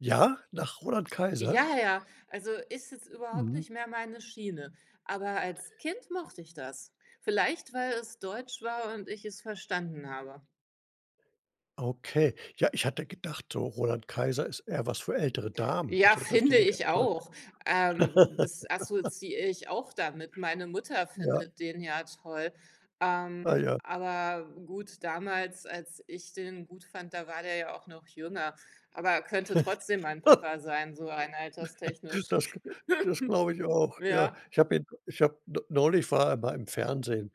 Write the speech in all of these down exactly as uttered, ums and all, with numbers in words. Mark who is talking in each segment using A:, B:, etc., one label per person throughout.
A: Ja, nach Roland Kaiser?
B: Ja, ja, also, ist jetzt überhaupt
A: Mhm.
B: nicht mehr meine Schiene, aber als Kind mochte ich das. Vielleicht weil es deutsch war und ich es verstanden habe.
A: Okay. Ja, ich hatte gedacht, Roland Kaiser ist eher was für ältere Damen,
B: Ja,
A: so dass die
B: finde
A: den ganz
B: ich
A: toll
B: auch. Ähm, das assoziiere ich auch damit. Meine Mutter
A: Ja.
B: findet den ja toll.
A: Ah
B: Ähm,
A: ja.
B: aber gut, damals, als ich den gut fand, da war der ja auch noch jünger. Aber könnte trotzdem mein Papa sein, so rein alterstechnisch.
A: Das g das glaube ich auch, ja.
B: Ja.
A: Ich habe ihn ich habe n neulich war er mal im Fernsehen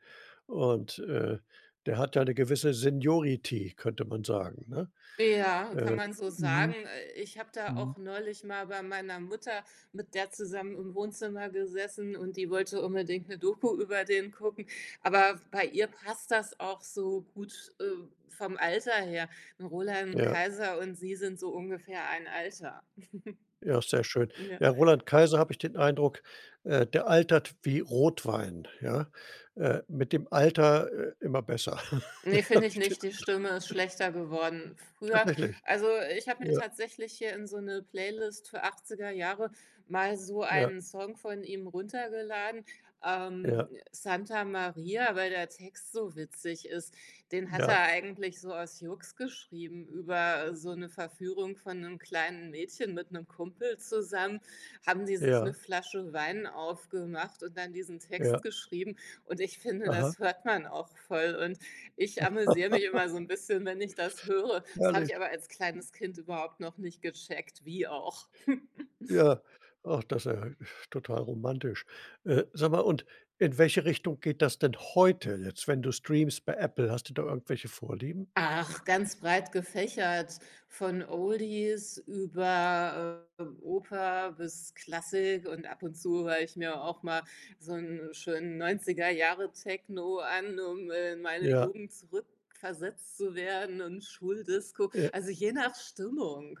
A: und, äh, der hat ja 'ne gewisse Seniority, könnte man sagen, ne?
B: Ja, kann
A: Äh,
B: man so sagen.
A: mhm,
B: Äh, ich habe da
A: mhm.
B: auch neulich mal bei meiner Mutter mit der zusammen im Wohnzimmer gesessen und die wollte unbedingt 'ne Doku über den gucken. Aber bei ihr passt das auch so gut, äh, vom Alter her, ne, Roland
A: Ja.
B: Kaiser und sie sind so ungefähr ein Alter.
A: Ja, sehr schön.
B: Ja.
A: Ja, Roland Kaiser habe ich den Eindruck, äh, der altert wie Rotwein. Ja, äh, mit dem Alter, äh, immer besser.
B: Ne,
A: Habe
B: finde ich
A: ich den
B: nicht, die
A: Eindruck.
B: Stimme ist schlechter geworden. Früher
A: Tatsächlich?
B: also, ich habe mir
A: Ja.
B: tatsächlich hier in so 'ne Playlist für achtziger Jahre mal so
A: Ja.
B: einen Song von ihm runtergeladen, ähm,
A: Ja.
B: Santa Maria, weil der Text so witzig ist. Den hat
A: Ja.
B: er eigentlich so aus Jux geschrieben, über so 'ne Verführung von 'nem kleinen Mädchen mit 'nem Kumpel zusammen haben die sich 'ne
A: Ja.
B: Flasche Wein aufgemacht und dann diesen Text
A: Ja.
B: geschrieben und ich finde,
A: Aha.
B: das hört man auch voll und ich amüsiere mich immer so 'n bisschen, wenn ich das höre. Das habe
A: Herrlich.
B: ich aber als kleines Kind überhaupt noch nicht gecheckt. Wie auch?
A: Ja, ach, das ist ja total romantisch. Äh, sag mal, und in welche Richtung geht das denn heute jetzt, wenn du streamst bei Apple? Hast du da irgendwelche Vorlieben?
B: Ach, ganz breit gefächert, von Oldies über, ähm, Oper bis Klassik und ab und zu höre ich mir auch mal so 'n schönen neunziger Jahre-Techno an, um, äh, in meine
A: Ja.
B: Jugend zurückversetzt zu werden und Schuldisco
A: Ja.
B: also, je nach Stimmung.